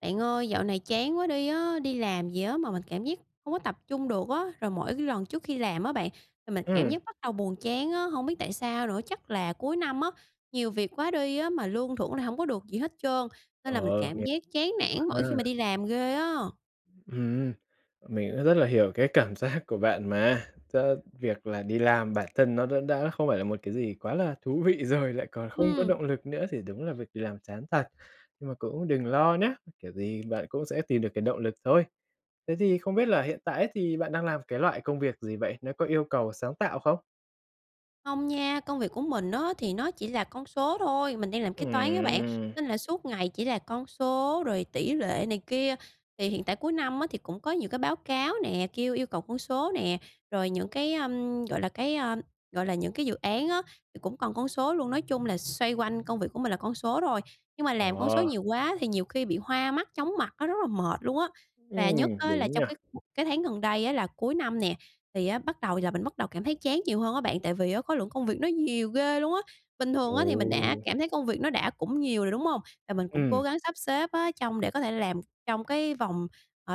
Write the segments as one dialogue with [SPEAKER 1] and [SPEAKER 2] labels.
[SPEAKER 1] Bạn ơi, dạo này chán quá đi á. Đi làm gì á, mà mình cảm giác hông có tập trung được á. Rồi, mỗi cái lần trước khi làm á bạn, thì mình cảm
[SPEAKER 2] Ừm.
[SPEAKER 1] giác bắt đầu buồn chán á, hông biết tại sao nữa, chắc là cuối năm á, nhiều việc quá đi á, mà lương thưởng lại hổng có được gì hết trơn, nên
[SPEAKER 2] Ờ,
[SPEAKER 1] là mình cảm
[SPEAKER 2] hiểu,
[SPEAKER 1] giác chán
[SPEAKER 2] hiểu
[SPEAKER 1] nản mỗi khi
[SPEAKER 2] ha.
[SPEAKER 1] mà đi làm ghê á.
[SPEAKER 2] Ừm, mình cũng rất là hiểu cái cảm giác của bạn mà. Chớ việc là đi làm bản thân nó đã đã không phải là một cái gì quá là thú vị rồi, lại còn không có
[SPEAKER 1] Ừm.
[SPEAKER 2] động lực nữa thì đúng là việc đi làm chán thật, nhưng mà cũng đừng lo nhá, kiểu gì bạn cũng sẽ tìm được cái động lực thôi. Thế thì không biết là hiện tại ấy, thì bạn đang làm cái loại công việc gì vậy? Nó có yêu cầu sáng tạo không?
[SPEAKER 1] Không nha, công việc của mình á, thì nó chỉ là con số thôi, mình đang làm kế toán á bạn,
[SPEAKER 2] Ừm.
[SPEAKER 1] nên là suốt ngày chỉ là con số rồi tỷ lệ này kia. Thì hiện tại cuối năm á, thì cũng có nhiều cái báo cáo nè, kêu yêu cầu con số nè, rồi những cái, ơm, gọi là, cái, ờ, gọi là, những cái dự án á, thì cũng còn con số luôn. Nói chung là xoay quanh công việc của mình là con số thôi. Nhưng mà làm con số
[SPEAKER 2] Ờ.
[SPEAKER 1] nhiều quá thì nhiều khi bị hoa mắt, chóng mặt, nó rất là mệt luôn á. Và
[SPEAKER 2] Ừm,
[SPEAKER 1] nhất á, là
[SPEAKER 2] đúng
[SPEAKER 1] trong
[SPEAKER 2] nha.
[SPEAKER 1] cái cái tháng gần đây á, là cuối năm nè, thì á, bắt đầu là mình bắt đầu cảm thấy chán nhiều hơn á bạn, tại vì á, khối lượng công việc nó nhiều ghê luôn á. Bình thường thì mình đã
[SPEAKER 2] Ồ!
[SPEAKER 1] cảm thấy công việc nó đã cũng nhiều rồi, đúng hông? Và mình cũng
[SPEAKER 2] Ừm.
[SPEAKER 1] cố gắng sắp xếp á, trong để có thể làm trong cái, ờ, vòng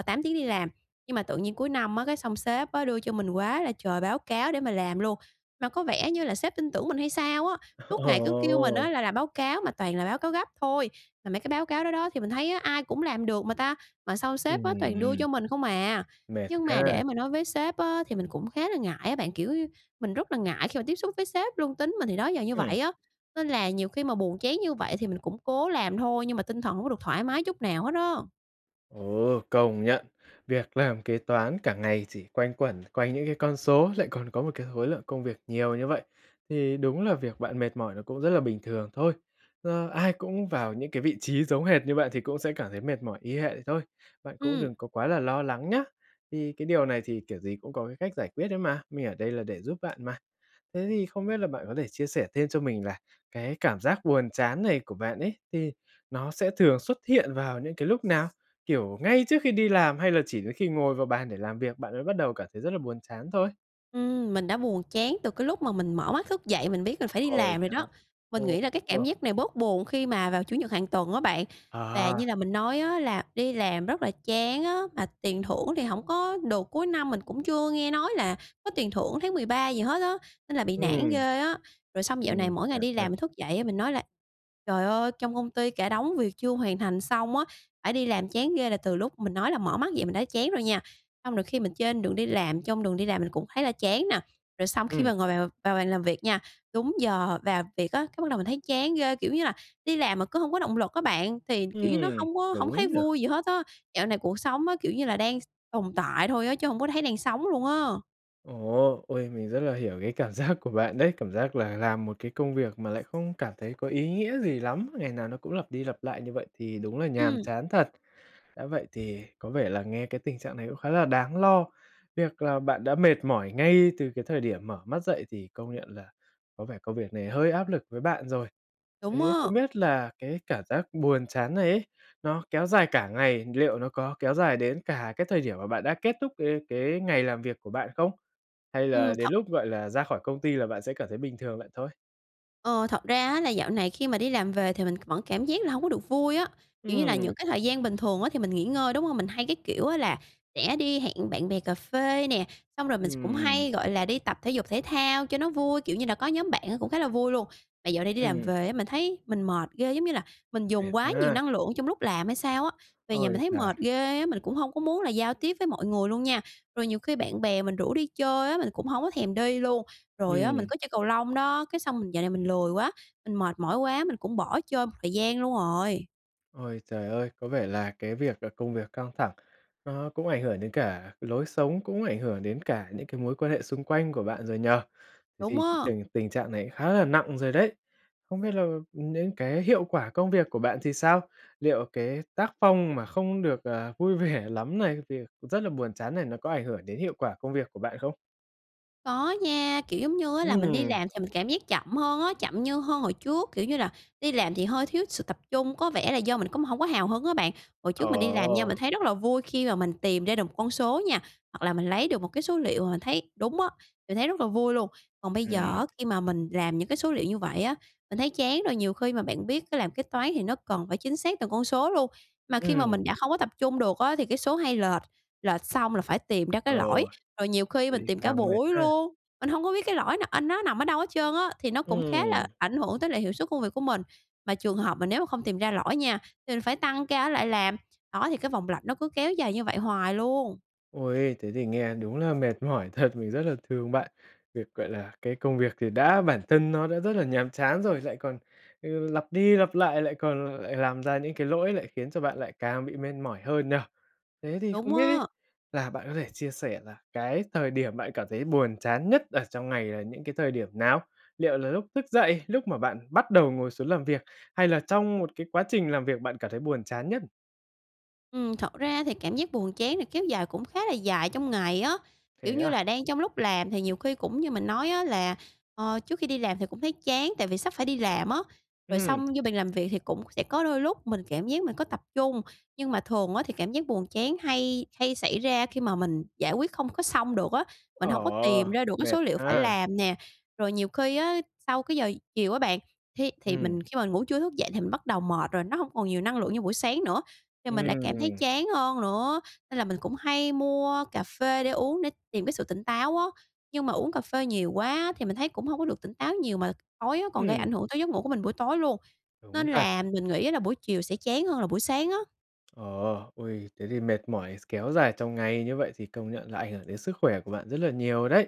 [SPEAKER 1] 8 tiếng đi làm. Nhưng mà tự nhiên cuối năm á, cái xong sếp á, đưa cho mình quá là trời báo cáo để mà làm luôn. Mà có vẻ như là sếp tin tưởng mình hay sao á, suốt ngày cứ kêu mình
[SPEAKER 2] Ồ!
[SPEAKER 1] á là làm báo cáo mà toàn là báo cáo gấp thôi. Mà mấy cái báo cáo đó đó thì mình thấy á, ai cũng làm được mà ta, mà sao sếp toàn đưa
[SPEAKER 2] Ừm.
[SPEAKER 1] cho mình không à.
[SPEAKER 2] Mệt
[SPEAKER 1] Nhưng mà
[SPEAKER 2] ha!
[SPEAKER 1] để mà nói với sếp á, thì mình cũng khá là ngại á bạn, kiểu như, mình rất là ngại khi mà tiếp xúc với sếp luôn. Tính mình thì đó giờ như
[SPEAKER 2] Ừm.
[SPEAKER 1] vậy á, nên là nhiều khi mà buồn chán như vậy thì mình cũng cố làm thôi, nhưng mà tinh thần hổng có được thoải mái chút nào hết á.
[SPEAKER 2] Ồ, công nhận, việc làm kế toán cả ngày chỉ quanh quẩn quanh những cái con số lại còn có một cái khối lượng công việc nhiều như vậy, thì đúng là việc bạn mệt mỏi nó cũng rất là bình thường thôi. Ờ, ai cũng vào những cái vị trí giống hệt như bạn thì cũng sẽ cảm thấy mệt mỏi y hệ thôi. Bạn cũng
[SPEAKER 1] Ừm.
[SPEAKER 2] đừng có quá là lo lắng nhá! Thì cái điều này thì kiểu gì cũng có cái cách giải quyết ấy mà, mình ở đây là để giúp bạn mà. Thế thì không biết là bạn có thể chia sẻ thêm cho mình là cái cảm giác buồn chán này của bạn ấy thì nó sẽ thường xuất hiện vào những cái lúc nào? Kiểu ngay trước khi đi làm hay là chỉ đến khi ngồi vào bàn để làm việc, bạn mới bắt đầu cảm thấy rất là buồn chán thôi?
[SPEAKER 1] Ừm, mình đã buồn chán từ cái lúc mà mình mở mắt thức dậy, mình biết mình phải đi
[SPEAKER 2] Ôi
[SPEAKER 1] làm rồi
[SPEAKER 2] trời ơi!
[SPEAKER 1] đó. Mình
[SPEAKER 2] Ô,
[SPEAKER 1] nghĩ là cái
[SPEAKER 2] ồ.
[SPEAKER 1] cảm giác này bớt buồn khi mà vào Chủ nhật hàng tuần á bạn.
[SPEAKER 2] À
[SPEAKER 1] Và như
[SPEAKER 2] ha.
[SPEAKER 1] là mình nói á, là đi làm rất là chán á mà tiền thưởng thì hổng có được. Cuối năm mình cũng chưa nghe nói là có tiền thưởng tháng 13 gì hết á, nên là bị nản
[SPEAKER 2] Ừm.
[SPEAKER 1] ghê á! Rồi xong dạo này
[SPEAKER 2] Ừm,
[SPEAKER 1] mỗi ngày
[SPEAKER 2] nản
[SPEAKER 1] đi
[SPEAKER 2] thật.
[SPEAKER 1] làm mình thức dậy á, mình nói là ''Trời ơi, trong công ty cả đống việc chưa hoàn thành xong á, phải đi làm chán ghê!'', là từ lúc mình nói là mở mắt dậy mình đã chán rồi nha, xong rồi khi mình trên đường đi làm, trong đường đi làm mình cũng thấy là chán nè. Rồi xong khi
[SPEAKER 2] Ừm.
[SPEAKER 1] mà ngồi vào vào bàn làm việc nha, đúng giờ vào việc á, cái bắt đầu mình thấy chán ghê, kiểu như là, đi làm mà cứ hông có động lực á bạn, thì kiểu như nó
[SPEAKER 2] Ừm,
[SPEAKER 1] hông có hổng
[SPEAKER 2] đúng
[SPEAKER 1] thấy
[SPEAKER 2] nhỉ?
[SPEAKER 1] vui gì hết á. Dạo này cuộc sống á kiểu như là đang s tồn tại thôi á, chứ hông có thấy đang sống luôn á.
[SPEAKER 2] Ồ! Ôi, mình rất là hiểu cái cảm giác của bạn đấy, cảm giác là làm một cái công việc mà lại không cảm thấy có ý nghĩa gì lắm, ngày nào nó cũng lặp đi lặp lại như vậy thì đúng là nhàm
[SPEAKER 1] Ừm.
[SPEAKER 2] chán thật. Đã vậy thì có vẻ là nghe cái tình trạng này cũng khá là đáng lo, việc là bạn đã mệt mỏi ngay từ cái thời điểm mở mắt dậy thì công nhận là có vẻ công việc này hơi áp lực với bạn rồi.
[SPEAKER 1] Đúng
[SPEAKER 2] Thế
[SPEAKER 1] á!
[SPEAKER 2] không biết là cái cảm giác buồn chán này ấy, nó kéo dài cả ngày, liệu nó có kéo dài đến cả cái thời điểm mà bạn đã kết thúc cái cái ngày làm việc của bạn không? Hay
[SPEAKER 1] Ừm
[SPEAKER 2] là đến
[SPEAKER 1] thật
[SPEAKER 2] lúc, gọi là, ra khỏi công ty là bạn sẽ cảm thấy bình thường vậy thôi?
[SPEAKER 1] Ờ, thật ra á là dạo này khi mà đi làm về thì mình c vẫn cảm giác là hổng có được vui á, kiểu như là
[SPEAKER 2] Ừm.
[SPEAKER 1] những cái thời gian bình thường á thì mình nghỉ ngơi, đúng hông? Mình hay, cái kiểu á, là sẽ đi hẹn bạn bè cà phê nè, xong rồi mình s cũng
[SPEAKER 2] Ừm.
[SPEAKER 1] hay, gọi là, đi tập thể dục thể thao cho nó vui, kiểu như là, có nhóm bạn á cũng khá là vui luôn. Mà dạo này đi làm
[SPEAKER 2] Ừm.
[SPEAKER 1] về á, mình thấy mình mệt ghê, giống như là mình
[SPEAKER 2] Mệt
[SPEAKER 1] dùng quá nhiều
[SPEAKER 2] ha.
[SPEAKER 1] năng lượng trong lúc làm hay sao á, về nhà
[SPEAKER 2] Ôi
[SPEAKER 1] mình thấy
[SPEAKER 2] giời!
[SPEAKER 1] mệt ghê á, mình cũng hông có muốn là giao tiếp với mọi người luôn nha. Rồi nhiều khi bạn bè mình rủ đi chơi á, mình cũng hổng có thèm đi luôn, rồi á, mình
[SPEAKER 2] Ừm.
[SPEAKER 1] có chơi cầu lông đó, cái xong mình dạo này mình lười quá, mình mệt mỏi quá, mình cũng bỏ chơi một thời gian luôn rồi.
[SPEAKER 2] Ôi trời ơi! Có vẻ là cái việc là công việc căng thẳng nó cũng ảnh hưởng đến cả lối sống, cũng ảnh hưởng đến cả những cái mối quan hệ xung quanh của bạn rồi nhỉ? Thế
[SPEAKER 1] Đúng
[SPEAKER 2] thì
[SPEAKER 1] á!
[SPEAKER 2] tình tình trạng này khá là nặng rồi đấy! Không biết là những cái hiệu quả công việc của bạn thì sao? Liệu cái tác phong mà không được, ờ, vui vẻ lắm này, thì rất là buồn chán này, nó có ảnh hưởng đến hiệu quả công việc của bạn không?
[SPEAKER 1] Có nha, kiểu giống như á là mình đi
[SPEAKER 2] Ừm.
[SPEAKER 1] làm thì mình cảm giác chậm hơn á, chậm như hơn hồi trước, kiểu như là, đi làm thì hơi thiếu sự tập trung, có vẻ là do mình cũng hổng có hào hứng á bạn. Hồi trước mình đi làm nha,
[SPEAKER 2] Ổ!
[SPEAKER 1] mình thấy rất là vui khi mà mình tìm ra được 1 con số nha, hoặc là mình lấy được 1 cái số liệu mà mình thấy đúng á, mình thấy rất là vui luôn. Còn bây giờ
[SPEAKER 2] Ừm.
[SPEAKER 1] á, khi mà mình làm những cái số liệu như vậy á, mình thấy chán rồi, nhiều khi mà bạn biết á làm kế toán thì nó cần phải chính xác từng con số luôn. Mà khi mà
[SPEAKER 2] Ừm.
[SPEAKER 1] mình đã không có tập trung được á, thì cái số hay lệch, lệch xong là phải tìm ra
[SPEAKER 2] Ờ,
[SPEAKER 1] cái lỗi, rồi nhiều khi
[SPEAKER 2] vậy
[SPEAKER 1] mình
[SPEAKER 2] thì
[SPEAKER 1] tìm cả
[SPEAKER 2] càng mệt
[SPEAKER 1] buổi
[SPEAKER 2] ha?
[SPEAKER 1] luôn, mình hông có biết cái lỗi nà anh nó nằm ở đâu hết trơn á, thì nó cũng khá là
[SPEAKER 2] Ừm.
[SPEAKER 1] ảnh hưởng tới lại hiệu suất công việc của mình. Mà trường hợp mà nếu mà không tìm ra lỗi nha, thì mình phải tăng ca ở lại làm. Đó, thì cái vòng lặp nó cứ kéo dài như vậy hoài luôn!
[SPEAKER 2] Ôi, thế thì nghe đúng là mệt mỏi thật, mình rất là thương bạn. Việc, gọi là, cái công việc thì đã bản thân nó đã rất là nhàm chán rồi, lại còn, ừ, lặp đi lặp lại, lại còn lại làm ra những cái lỗi lại khiến cho bạn lại càng bị mệt mỏi hơn nhỉ? Thế thì không
[SPEAKER 1] Đúng
[SPEAKER 2] biết ấy
[SPEAKER 1] á.
[SPEAKER 2] là bạn có thể chia sẻ là cái thời điểm bạn cảm thấy buồn chán nhất ở trong ngày là những cái thời điểm nào? Liệu là lúc thức dậy, lúc mà bạn bắt đầu ngồi xuống làm việc hay là trong 1 cái quá trình làm việc bạn cảm thấy buồn chán nhất?
[SPEAKER 1] Ừm, thật ra thì cảm giác buồn chán này kéo dài cũng khá là dài trong ngày á, kiểu
[SPEAKER 2] Thế
[SPEAKER 1] như
[SPEAKER 2] à?
[SPEAKER 1] là, đang trong lúc làm thì nhiều khi cũng như mình nói á, là, ờ, trước khi đi làm thì cũng thấy chán, tại vì sắp phải đi làm á. Rồi
[SPEAKER 2] Ừm.
[SPEAKER 1] xong vô bàn làm việc thì cũng sẽ có đôi lúc mình cảm giác mình có tập trung, nhưng mà thường á, thì cảm giác buồn chán hay hay xảy ra khi mà mình giải quyết không có xong được á, mình hổng có tìm
[SPEAKER 2] Ờ.
[SPEAKER 1] ra được mấy
[SPEAKER 2] Mệt
[SPEAKER 1] số liệu phải
[SPEAKER 2] ha!
[SPEAKER 1] làm nè. Rồi nhiều khi á, sau cái giờ chiều á bạn, thi thì
[SPEAKER 2] Ừm.
[SPEAKER 1] mình khi mà ngủ trưa thức dậy thì mình bắt đầu mệt rồi, nó hông còn nhiều năng lượng như buổi sáng nữa, thì mình lại cảm thấy
[SPEAKER 2] Ừm.
[SPEAKER 1] chán hơn nữa, nên là mình cũng hay mua cà phê để uống để tìm cái sự tỉnh táo á. Nhưng mà uống cà phê nhiều quá thì mình thấy cũng hông có được tỉnh táo nhiều mà tối á, còn gây
[SPEAKER 2] Ừm.
[SPEAKER 1] ảnh hưởng tới giấc ngủ của mình buổi tối luôn,
[SPEAKER 2] Đúng
[SPEAKER 1] nên
[SPEAKER 2] thật.
[SPEAKER 1] là mình nghĩ là buổi chiều sẽ chán hơn là buổi sáng á.
[SPEAKER 2] Ờ. Uầy, thế thì mệt mỏi s kéo dài trong ngày như vậy, thì công nhận là ảnh hưởng đến sức khỏe của bạn rất là nhiều đấy.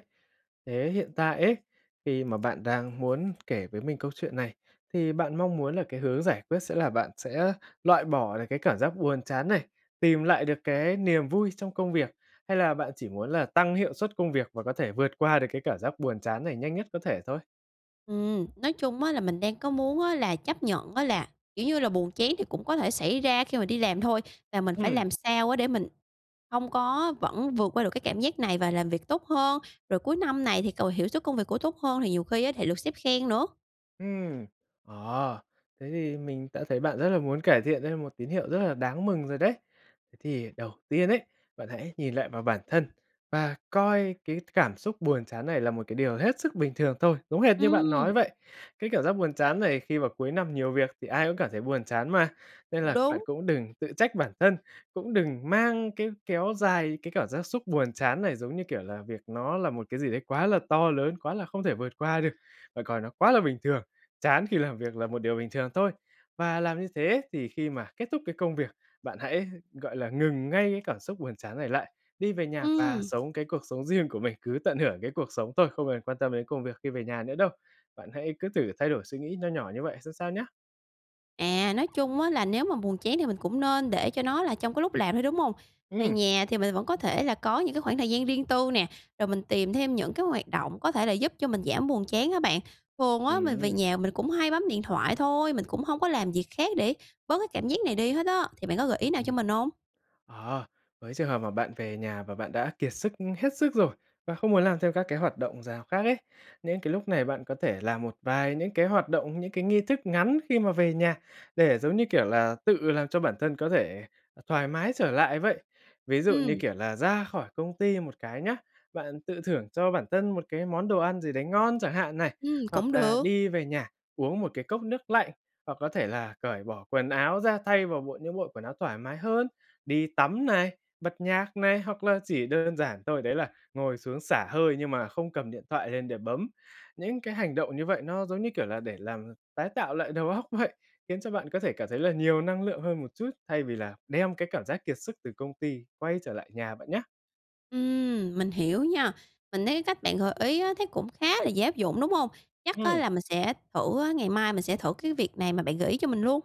[SPEAKER 2] Thế hiện tại ấy, khi mà bạn đang muốn kể với mình câu chuyện này, thì bạn mong muốn là cái hướng giải quyết sẽ là bạn sẽ loại bỏ được cái cảm giác buồn chán này, tìm lại được cái niềm vui trong công việc, hay là bạn chỉ muốn là tăng hiệu suất công việc và có thể vượt qua được cái cảm giác buồn chán này nhanh nhất có thể thôi?
[SPEAKER 1] Ừm, nói chung á là mình đang có muốn á là chấp nhận á là, kiểu như là, buồn chán thì cũng có thể xảy ra khi mà đi làm thôi, và mình phải
[SPEAKER 2] Ừm.
[SPEAKER 1] làm sao á để mình không có vẫn vượt qua được cái cảm giác này và làm việc tốt hơn, rồi cuối năm này thì cầu hiệu suất công việc của tốt hơn thì nhiều khi á thì được sếp khen nữa.
[SPEAKER 2] Ừm. À, thế thì mình đã thấy bạn rất là muốn cải thiện, đây là một tín hiệu rất là đáng mừng rồi đấy. Thế thì đầu tiên ấy, bạn hãy nhìn lại vào bản thân và coi cái cảm xúc buồn chán này là một cái điều hết sức bình thường thôi, giống hệt như bạn nói
[SPEAKER 1] Ừm.
[SPEAKER 2] vậy, cái cảm giác buồn chán này khi vào cuối năm nhiều việc thì ai cũng cảm thấy buồn chán mà. Nên
[SPEAKER 1] Cũng
[SPEAKER 2] là bạn
[SPEAKER 1] đúng.
[SPEAKER 2] cũng đừng tự trách bản thân, cũng đừng mang cái kéo dài cái cảm giác xúc buồn chán này giống, như kiểu là, việc nó là một cái gì đấy quá là to lớn, quá là không thể vượt qua được. Bạn coi nó quá là bình thường, chán khi làm việc là một điều bình thường thôi và làm như thế thì khi mà kết thúc cái công việc, bạn hãy, gọi là, ngừng ngay cái cảm xúc buồn chán này lại, đi về nhà và
[SPEAKER 1] Ừm.
[SPEAKER 2] sống cái cuộc sống riêng của mình, cứ tận hưởng cái cuộc sống thôi không cần quan tâm đến công việc khi về nhà nữa đâu. Bạn hãy cứ thử thay đổi suy nghĩ nho nhỏ như vậy xem sao nhá.
[SPEAKER 1] À, nói chung á là nếu mà buồn chán thì mình cũng nên để cho nó là trong cái lúc làm thôi, đúng hông? Về
[SPEAKER 2] Ừm.
[SPEAKER 1] nhà thì mình vẫn có thể là có những cái khoảng thời gian riêng tư nè, rồi mình tìm thêm những cái hoạt động có thể là giúp cho mình giảm buồn chán á bạn. Thường á, mình về
[SPEAKER 2] Ừm.
[SPEAKER 1] nhà mình cũng hay bấm điện thoại thôi, mình cũng hông có làm việc khác để bớt cái cảm giác này đi hết á. Thì bạn có gợi
[SPEAKER 2] Ưm,
[SPEAKER 1] ý nào
[SPEAKER 2] ừm.
[SPEAKER 1] cho mình hông?
[SPEAKER 2] Ờ, với trường hợp mà bạn về nhà và bạn đã kiệt sức, ưm, hết sức rồi, và không muốn làm thêm các cái hoạt động rào khác ấy, nên cái lúc này bạn có thể làm một vài những cái hoạt động, những cái nghi thức ngắn khi mà về nhà để giống như, kiểu là, tự làm cho bản thân có thể, ờ, thoải mái trở lại vậy. Ví dụ như,
[SPEAKER 1] Ừm.
[SPEAKER 2] kiểu là, ra khỏi công ty một cái nhá, bạn tự thưởng cho bản thân một cái món đồ ăn gì đấy ngon chẳng hạn này,
[SPEAKER 1] Ừm, cũng
[SPEAKER 2] hoặc là
[SPEAKER 1] được.
[SPEAKER 2] đi về nhà uống một cái cốc nước lạnh, hoặc có thể là cởi bỏ quần áo ra, thay vào bộ những bộ quần áo thoải mái hơn, đi tắm này, bật nhạc này, hoặc là chỉ đơn giản thôi đấy là ngồi xuống xả hơi nhưng mà không cầm điện thoại lên để bấm. Những cái hành động như vậy nó giống như, kiểu là, để làm tái tạo lại đầu óc vậy, khiến cho bạn có thể cảm thấy là nhiều năng lượng hơn một chút, thay vì là đem cái cảm giác kiệt sức từ công ty quay trở lại nhà bạn nhá.
[SPEAKER 1] Ừm, mình hiểu nha. Mình thấy cái cách bạn gợi ý á, thấy cũng khá là dễ áp dụng, đúng hông? Chắc á
[SPEAKER 2] Ừm.
[SPEAKER 1] là mình sẽ thử á, ngày mai mình sẽ thử cái việc này mà bạn gợi ý cho mình luôn.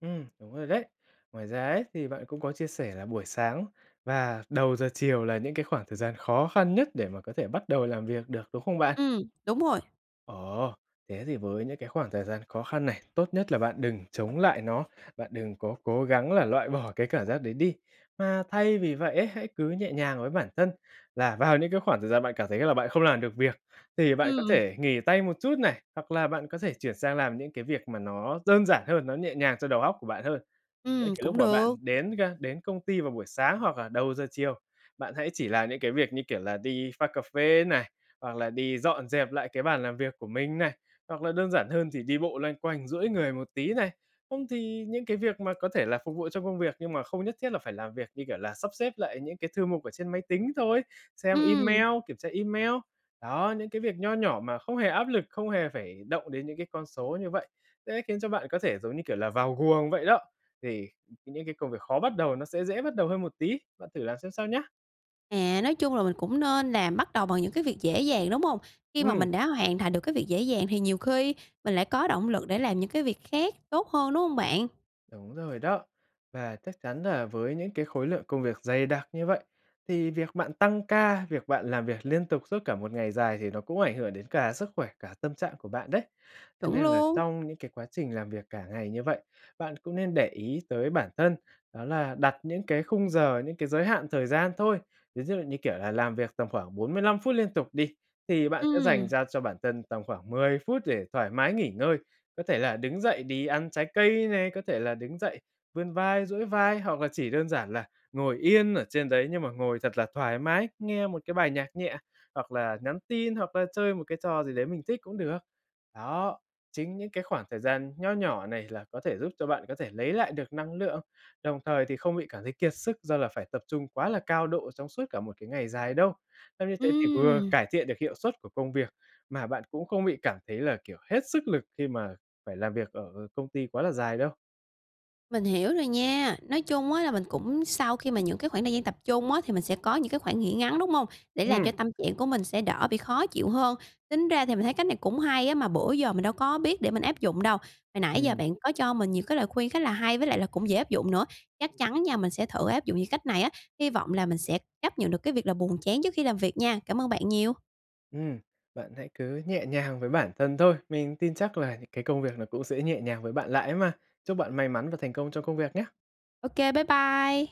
[SPEAKER 2] Ừm, đúng rồi đấy. Ngoài ra ấy, thì bạn cũng có chia sẻ là buổi sáng và đầu giờ chiều là những cái khoảng thời gian khó khăn nhất để mà có thể bắt đầu làm việc được, đúng không bạn?
[SPEAKER 1] Ừm, đúng rồi.
[SPEAKER 2] Ồ, thế thì với những cái khoảng thời gian khó khăn này, tốt nhất là bạn đừng chống lại nó, bạn đừng có cố gắng là loại bỏ cái cảm giác đấy đi, mà thay vì vậy ấy, hãy cứ nhẹ nhàng với bản thân. Là vào những cái khoảng thời gian bạn cảm thấy là bạn không làm được việc thì bạn có
[SPEAKER 1] Ừm.
[SPEAKER 2] thể nghỉ tay một chút này, hoặc là bạn có thể chuyển sang làm những cái việc mà nó đơn giản hơn, nó nhẹ nhàng cho đầu óc của bạn hơn. Những
[SPEAKER 1] Ừm,
[SPEAKER 2] cái
[SPEAKER 1] cũng
[SPEAKER 2] lúc mà
[SPEAKER 1] được.
[SPEAKER 2] bạn đến ga đến công ty vào buổi sáng hoặc là đầu giờ chiều, bạn hãy chỉ làm những cái việc như kiểu là đi pha cà phê này, hoặc là đi dọn dẹp lại cái bàn làm việc của mình này, hoặc là đơn giản hơn thì đi bộ loanh quanh, duỗi người một tí này. Không thì những cái việc mà có thể là phục vụ trong công việc nhưng mà không nhất thiết là phải làm việc, như kiểu là sắp xếp lại những cái thư mục ở trên máy tính thôi, xem
[SPEAKER 1] Ừm.
[SPEAKER 2] email, kiểm tra email. Đó, những cái việc nho nhỏ mà không hề áp lực, không hề phải động đến những cái con số như vậy sẽ khiến cho bạn có thể giống như kiểu là vào guồng vậy đó. Thì [unintelligible] những cái công việc khó bắt đầu nó sẽ dễ bắt đầu hơn một tí. Bạn thử làm xem sao nhá!
[SPEAKER 1] À, nói chung là mình cũng nên là bắt đầu bằng những cái việc dễ dàng, đúng hông? Khi mà
[SPEAKER 2] Ừm.
[SPEAKER 1] mình đã hoàn thành được cái việc dễ dàng thì nhiều khi mình lại có động lực để làm những cái việc khác tốt hơn, đúng hông bạn?
[SPEAKER 2] Đúng rồi đó. Và chắc chắn là với những cái khối lượng công việc dày đặc như vậy thì việc bạn tăng ca, việc bạn làm việc liên tục suốt cả một ngày dài thì nó cũng ảnh hưởng đến cả sức khỏe, cả tâm trạng của bạn đấy. Thế
[SPEAKER 1] Chuẩn
[SPEAKER 2] nên là
[SPEAKER 1] luôn.
[SPEAKER 2] trong những cái quá trình làm việc cả ngày như vậy, bạn cũng nên để ý tới bản thân, đó là đặt những cái khung giờ, những cái giới hạn thời gian thôi. Ví dụ như, kiểu là, làm việc tầm khoảng 45 phút liên tục đi, thì bạn sẽ dành
[SPEAKER 1] Ừm.
[SPEAKER 2] ra cho bản thân tầm khoảng 10 phút để thoải mái nghỉ ngơi. Có thể là đứng dậy đi ăn trái cây này, có thể là đứng dậy vươn vai, duỗi vai hoặc là chỉ đơn giản là ngồi yên ở trên đấy nhưng mà ngồi thật là thoải mái, nghe một cái bài nhạc nhẹ hoặc là nhắn tin, hoặc là chơi một cái trò gì đấy mình thích cũng được. Đó, chính những cái khoảng thời gian nho nhỏ này là có thể giúp cho bạn có thể lấy lại được năng lượng, đồng thời thì không bị cảm thấy kiệt sức do là phải tập trung quá là cao độ trong suốt cả một cái ngày dài đâu. Xong như thế thì vừa
[SPEAKER 1] Ừm.
[SPEAKER 2] cải thiện được hiệu suất của công việc mà bạn cũng không bị cảm thấy là, kiểu, hết sức lực khi mà phải làm việc ở công ty quá là dài đâu.
[SPEAKER 1] Mình hiểu rồi nha. Nói chung á là mình cũng sau khi mà những cái khoảng thời gian tập trung á thì mình sẽ có những cái khoảng nghỉ ngắn, đúng hông? Để làm cho
[SPEAKER 2] Ừm.
[SPEAKER 1] tâm trạng của mình sẽ đỡ bị khó chịu hơn? Tính ra thì mình thấy cách này cũng hay á, mà bữa giờ mình đâu có biết để mình áp dụng đâu. Hồi nãy giờ
[SPEAKER 2] Ừm.
[SPEAKER 1] bạn có cho mình nhiều cái lời khuyên khá là hay với lại là cũng dễ áp dụng nữa. Chắc chắn nha, mình sẽ thử áp dụng những cách này á, hy vọng là mình sẽ chấp nhận được cái việc là buồn chán trước khi làm việc nha. Cảm ơn bạn nhiều.
[SPEAKER 2] Ừm, bạn hãy cứ nhẹ nhàng với bản thân thôi. Mình tin chắc là những cái công việc nó cũng sẽ nhẹ nhàng với bạn lại ấy mà. Chúc bạn may mắn và thành công trong công việc nhá.
[SPEAKER 1] Ô kê, bye bye.